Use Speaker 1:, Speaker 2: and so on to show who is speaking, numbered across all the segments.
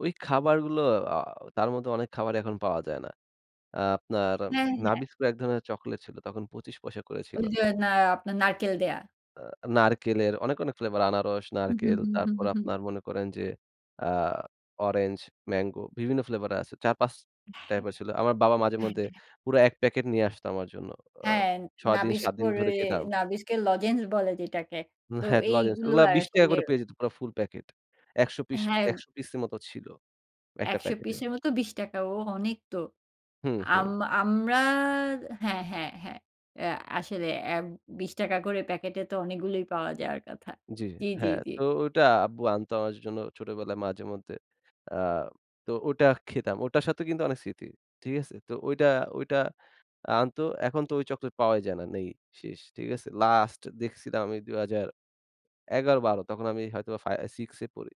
Speaker 1: ওই খাবারগুলো অ তার মধ্যে অনেক খাবারই এখন পাওয়া যায় না। আ আপনার
Speaker 2: হ্যাঁ, হ্যাঁ।
Speaker 1: নাবিস্কো এক ধরনের চকোলেট ছিল। তখন ২৫ পয়সা করে ছিল।
Speaker 2: ওই যে, হ্যাঁ, আপনার নারকেল দেয়া।
Speaker 1: আ নারকেলের অনেক, অনেক flavor আনারস,
Speaker 2: হুম, হুম,
Speaker 1: নারকেল,
Speaker 2: হুম। হুম,
Speaker 1: তারপর
Speaker 2: হুম, হুম।
Speaker 1: আপনার মনে করেন যে, আ orange, mango বিভিন্ন flavor এর আছে। ৪ ৫
Speaker 2: হ্যাঁ,
Speaker 1: type এর ছিল। আমার বাবা মাঝে
Speaker 2: হ্যাঁ,
Speaker 1: মধ্যে
Speaker 2: হ্যাঁ।
Speaker 1: পুরা এক packet নিয়ে আসতো আমার জন্য। অ
Speaker 2: হ্যাঁ,
Speaker 1: ৬ দিন ৭ দিন
Speaker 2: নাবিস্কোর
Speaker 1: ধরে
Speaker 2: এ
Speaker 1: খেতাম।
Speaker 2: নাবিস্কের লজেন্স বলে যেটাকে। তো
Speaker 1: হ্যাঁ, লজেন্স
Speaker 2: এইগুলো
Speaker 1: ওগুলা ৳২০
Speaker 2: আসলে
Speaker 1: করে পেয়ে যেত পুরা ফুল প্যাকেট। ১০০ piece
Speaker 2: হ্যাঁ।
Speaker 1: ১০০ piece এর মতো ছিল। একটা
Speaker 2: ১০০
Speaker 1: প্যাকেটে।
Speaker 2: piece এর মতো ৳২০। ওহ অনেক তো।
Speaker 1: হুম,
Speaker 2: আম
Speaker 1: হুম।
Speaker 2: আমরা হ্যাঁ, হ্যাঁ, হ্যাঁ। অ্যা আসলে অ্যা ৳২০ করে প্যাকেটে তো অনেকগুলোই পাওয়া যাওয়ার কথা।
Speaker 1: জ্বী,
Speaker 2: জ্বী, জ্বী,
Speaker 1: হ্যাঁ,
Speaker 2: জ্বী।
Speaker 1: তো ওটা আব্বু আনত আমাদের জন্য ছোটবেলায় মাঝে মধ্যে। অ্যা তো ওটা খেতাম। ওটার সাথে কিন্তু অনেক স্মৃতি। ঠিক আছে? তো ঐটা, ঐটা আনতো। এখন তো ওই চকলেট পাওয়াই যায় না। নেই শেষ। ঠিক আছে। Last দেখছিলাম ঐ ২০১১-১২। তখন আমি হয়তোবা ফা 6 এ পড়ি।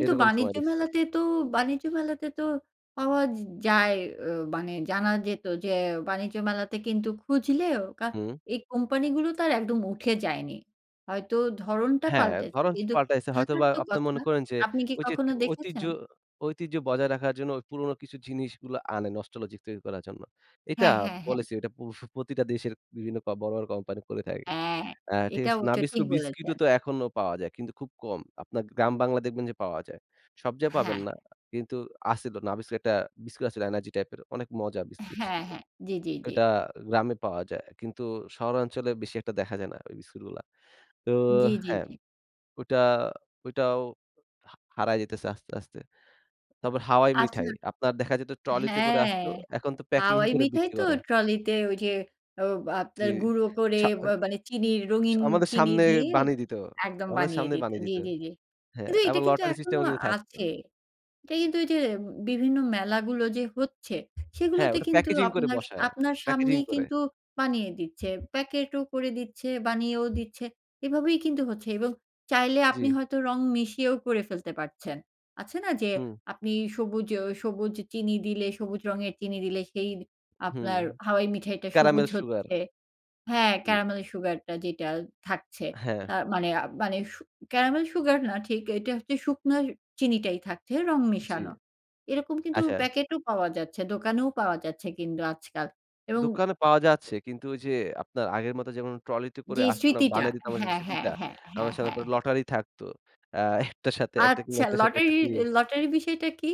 Speaker 1: এই রকম সময়
Speaker 2: বাণিজ্য
Speaker 1: দেখছিলাম।
Speaker 2: মেলাতে তো বাণিজ্য মেলাতে তো পাওয়া য যায় মানে জানা যেত যে, বাণিজ্য মেলাতে কিন্তু খুঁজলেও কা
Speaker 1: হুম।
Speaker 2: এই কোম্পানি গুলো তো আর একদম উঠে যায়নি। হয়তো ধরনটা
Speaker 1: হ্যাঁ।
Speaker 2: পাল্টেছে
Speaker 1: ধরন
Speaker 2: কিন্তু
Speaker 1: পাল্টাইছে
Speaker 2: থাকার
Speaker 1: হয়তোবা
Speaker 2: তো
Speaker 1: আপনারা
Speaker 2: কথা।
Speaker 1: মনে করেন যে,
Speaker 2: আপনি কি
Speaker 1: ঐ যে,
Speaker 2: কখনো
Speaker 1: ঐতিহ্য
Speaker 2: দেখেছেন?
Speaker 1: ঐতিহ্য বজায় রাখার জন্য পুরনো কিছু জিনিসগুলো আনে nostalgic তৈরি করার জন্য। এটা
Speaker 2: হ্যাঁ, হ্যাঁ, হ্যাঁ।
Speaker 1: policy ঐটা push প্রতিটা দেশের বিভিন্ন বড়, বড় কোম্পানি করে থাকে।
Speaker 2: হ্যাঁ।
Speaker 1: অ্যা ঠিক
Speaker 2: এটাও
Speaker 1: আছে?
Speaker 2: সঠিক
Speaker 1: নাবিস্কো বিস্কিট
Speaker 2: বলেছেন।
Speaker 1: ও তো এখনো পাওয়া যায় কিন্তু খুব কম। আপনার গ্রাম বাংলায় দেখবেন যে, পাওয়া যায়। সব জায়গায়
Speaker 2: হ্যাঁ।
Speaker 1: পাবেন না। কিন্তু আছিলো নাবিস্কো একটা বিস্কুট আছিলো এনার্জি টাইপের অনেক মজা বিস্কুট
Speaker 2: হ্যাঁ,
Speaker 1: ছিলো।
Speaker 2: হ্যাঁ। জ্বী, জ্বী, জ্বী।
Speaker 1: ঐটা গ্রামে পাওয়া যায় কিন্তু শহরাঞ্চলে বেশি একটা দেখা যায় না ওই বিস্কুটগুলা। তো
Speaker 2: জ্বী, জ্বী,
Speaker 1: হ্যাঁ,
Speaker 2: জ্বী।
Speaker 1: অইটা ওইটাও হা হারাই যাইতেছে আস্তে, আস্তে। তারপর হাওয়াই
Speaker 2: আচ্ছা।
Speaker 1: মিঠাই। আপনার দেখা যেত ট্রলিতে করে
Speaker 2: হ্যাঁ,
Speaker 1: আসতো। এখন তো packing
Speaker 2: হাওয়াই
Speaker 1: করে
Speaker 2: মিঠাই
Speaker 1: বিক্রি
Speaker 2: তো
Speaker 1: করে।
Speaker 2: ট্রলিতে ওই যে, অ
Speaker 1: জ্বী
Speaker 2: আপনার গুঁড়ো করে
Speaker 1: আচ্ছা
Speaker 2: ব্যা মানে চিনির
Speaker 1: সা
Speaker 2: রঙিন
Speaker 1: আমাদের
Speaker 2: চিনি
Speaker 1: সামনে
Speaker 2: দিয়ে
Speaker 1: বানিয়ে দিত।
Speaker 2: একদম
Speaker 1: আমাদের
Speaker 2: বানিয়ে
Speaker 1: সামনে
Speaker 2: দিত।
Speaker 1: বানিয়ে
Speaker 2: জ্বী,
Speaker 1: দিত।
Speaker 2: জ্বী, জ্বী।
Speaker 1: হ্যাঁ।
Speaker 2: কিন্তু এটা
Speaker 1: আবার
Speaker 2: কিন্তু
Speaker 1: lottery system
Speaker 2: এখনো
Speaker 1: ও কিন্তু থাকত।
Speaker 2: আছে। এটা কিন্তু ঐযে বিভিন্ন মেলাগুলো যে, হচ্ছে
Speaker 1: হ্যাঁ।
Speaker 2: সেগুলোতে
Speaker 1: ওটা
Speaker 2: কিন্তু
Speaker 1: packaging করে
Speaker 2: আপনার স
Speaker 1: বসায়।
Speaker 2: আপনার
Speaker 1: Packaging
Speaker 2: সামনেই
Speaker 1: করে।
Speaker 2: কিন্তু বানিয়ে দিচ্ছে। প্যাকেট ও করে দিচ্ছে, বানিয়েও দিচ্ছে। এভাবেই কিন্তু হচ্ছে এবং চাইলে আপনি
Speaker 1: জ্বী।
Speaker 2: হয়তো রং মিশিয়েও করে ফেলতে পারছেন। আছে না যে,
Speaker 1: হুম।
Speaker 2: আপনি সবুজ অ সবুজ চিনি দিলে সবুজ রঙের চিনি দিলে সেই
Speaker 1: হুম।
Speaker 2: আপনার হাওয়াই মিঠাইটা সবুজ
Speaker 1: ক্যারামেল সুগার।
Speaker 2: হচ্ছে। হ্যাঁ,
Speaker 1: জ্বী।
Speaker 2: caramel sugar টা যেটা থাকছে।
Speaker 1: হ্যাঁ।
Speaker 2: আ মানে, মানে সু caramel sugar না ঠিক এটা হচ্ছে শুকনো চিনিটাই থাকছে রং
Speaker 1: জ্বী।
Speaker 2: মেশানো। এরকম কিন্তু
Speaker 1: আচ্ছা।
Speaker 2: প্যাকেটও পাওয়া যাচ্ছে। দোকানেও পাওয়া যাচ্ছে কিন্তু আজকাল। এবং
Speaker 1: দোকানে পাওয়া যাচ্ছে। কিন্তু ওই যে, আপনার আগের মতো যেমন ট্রলিতে করে
Speaker 2: জ্বী,
Speaker 1: আসতো না
Speaker 2: স্মৃতিটা।
Speaker 1: বানাই দিত আমাদের সামনে
Speaker 2: হ্যাঁ,
Speaker 1: সেই
Speaker 2: হ্যাঁ,
Speaker 1: স্মৃত্তিটা।
Speaker 2: হ্যাঁ, হ্যাঁ,
Speaker 1: আমাদের
Speaker 2: হ্যাঁ,
Speaker 1: সামনে
Speaker 2: হ্যাঁ।
Speaker 1: তারপর লটারি থাকতো। আ একটার সাথে একটা কিনলে
Speaker 2: আচ্ছা,
Speaker 1: একটার সাথে
Speaker 2: lottery
Speaker 1: একটা free।
Speaker 2: lottery বিষয়টা কি?